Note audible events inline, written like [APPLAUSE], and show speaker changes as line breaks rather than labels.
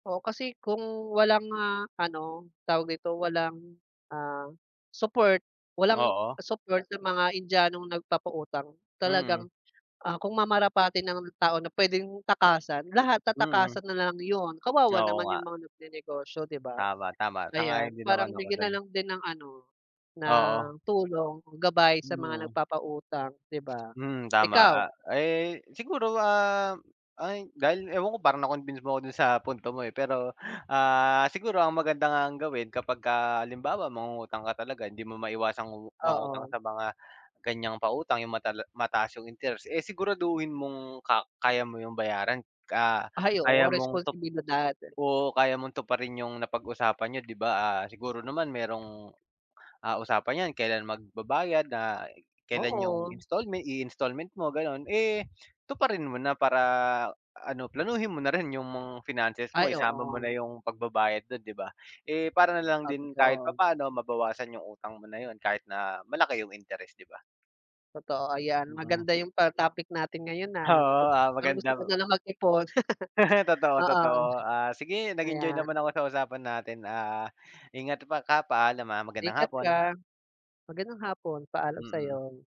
Oo, kasi kung walang, ah, ano, tawag dito, walang, ah, support walang
Oo.
support sa mga Indianong nagpapautang talagang,
Mm.
ah, kung mamarapatin ng tao na puwedeng takasan, lahat
Mm.
tatakasan nalang 'yon, kawawa
Oo
naman
nga.
yung mga nagnenegosyo, 'di ba?
Tama-tama, sang-ayon
Ayan,
din naman
parang
ako
bigyan
dun.
nalang din ng ano,
Oo.
ng tulong, gabay sa mga
Mm.
nagpapautang, 'di ba?
Mm,
Ikaw?
tama, ah, eh, siguro, ah, ay, dahil ewan ko parang na-convince mo ako dun sa punto mo eh. Pero, ah, siguro ang maganda nga ang gawin kapagka halimbawa mangungutang ka talaga hindi mo maiwasang umu mangutang
Oo.
sa mga ganiyang pautang yung matala mataas yung interest, eh siguraduhin mong ka kaya mo yung bayaran. Ah,
Ay,
kaya
oo,
mong tup
responsibilidad.
oo, kaya mong tuparin yung napag-usapan niyo, 'di ba? Ah, siguro naman merong, ah, usapan yan, kailan magbabayad, ah, kailan yung
Oo.
installment, i-installment mo, gano'n, eh tuparin mo na para, ah, ano, planuhin mo narin yung mga finances mo,
Ay,
isama mo na
oo.
yung pagbabayad dun, 'di ba? Eh para nalang
Ah,
din kahit
totoo.
papaano mabawasan yung utang mo na yun kahit na malaki yung interest, 'di ba?
Totoo, ayan,
Mm.
maganda yung ta topic natin ngayon, ah,
Oo,
natuto,
ah,
parang gusto ko
magandang
nalang mag-ipon. [LAUGHS]
[LAUGHS]
Oo.
Totoo-totoo. Ah, sige, nag-enjoy
Kaya
naman ako sa usapan natin. Ah, ingat pa ka, paalam. Ah, magandang
Ingat
hapon.
ka, magandang hapon. Paalam
Mm.
sa'yo.